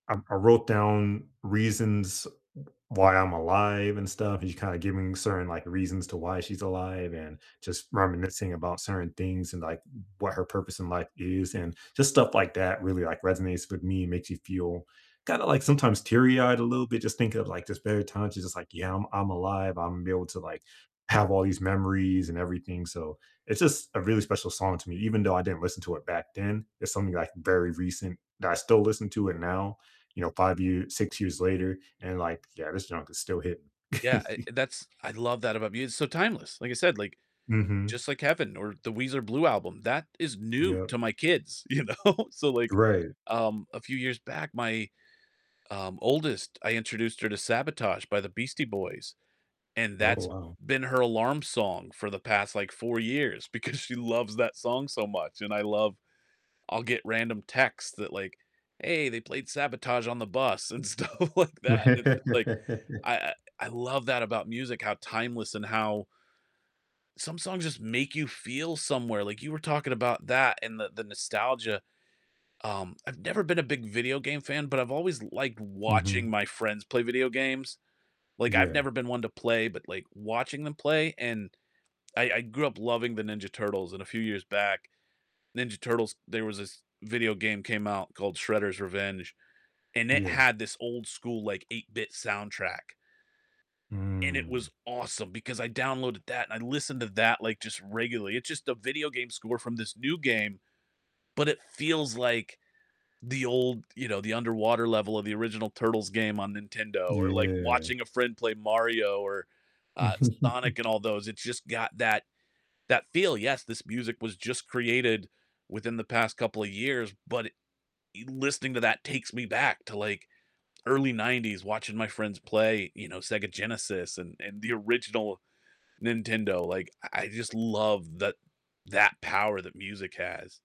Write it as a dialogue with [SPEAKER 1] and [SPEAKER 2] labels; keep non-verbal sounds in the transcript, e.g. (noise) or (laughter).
[SPEAKER 1] Um, I wrote down reasons w why I'm alive and stuff, and she's kind of giving certain, like, reasons to why she's alive and just reminiscing about certain things and, like, w what her purpose in life is, and just stuff like that really, like, resonates with me and makes you feel kinda like, sometimes, teary-eyed a little bit just thinking of, like, just better times, she's just like, "Yeah, I'm I'm alive. I'm able to, like, have all these memories and everything," so, it's just a really special song to me, even though I didn't listen to it back then, it's something, like, very recent that I still listen to it now, you know, 5 year 6 years later, and like, "Yeah, this junk is still hitting."
[SPEAKER 2] Y yeah, I
[SPEAKER 1] (chuckles)
[SPEAKER 2] that's I love that about mus it's so timeless. Like I said, like,
[SPEAKER 1] Mhm.
[SPEAKER 2] Just Like Heaven or the Weezer Blue Album, that is new
[SPEAKER 1] Yep.
[SPEAKER 2] to my kids, you know? So like,
[SPEAKER 1] Right.
[SPEAKER 2] um, a few years back, my, um, oldest, I introduced her to "Sabotage" by the Beastie Boys, and
[SPEAKER 1] Oh,
[SPEAKER 2] that's
[SPEAKER 1] wow.
[SPEAKER 2] been her alarm song for the past, like, 4 years because she loves that song so much, and I love I'll get random texts that like, "Hey, they played Sabotage on the bus," and stuff like that, and, like, I
[SPEAKER 1] (laughs)
[SPEAKER 2] I I love that about music, how timeless and how some songs just make you feel somewhere, like, you were talking about that and the the nostalgia. Um, I've never been a big video game fan, but I've always liked watching
[SPEAKER 1] Mhm.
[SPEAKER 2] my friends play video games. Like, I've
[SPEAKER 1] Yeah.
[SPEAKER 2] never been one to play, but like, watching them play, and I I grew up loving the Ninja Turtles, and a few years back, Ninja Turtles, there was this video game came out called Shredder's Revenge, and it
[SPEAKER 1] Yeah.
[SPEAKER 2] had this old school, like, 8-bit soundtrack and it was
[SPEAKER 1] Mm.
[SPEAKER 2] awesome because I downloaded that and I listened to that, like, just regularly. It's just a video game score from this new game, but it feels like the old, you know, the underwater level of the original Turtles game on Nintendo or, like,
[SPEAKER 1] Yeah.
[SPEAKER 2] watching a friend play Mario or, uh, Sonic
[SPEAKER 1] (chuckles)
[SPEAKER 2] and all those, it's just got that that feel, yes, this music was just created within the past couple a years, but it y listening to that takes me back to, like, early 90s, watching my friends play, you know, Sega Genesis and and the original Nintendo, like, I I just love tha that power that music has.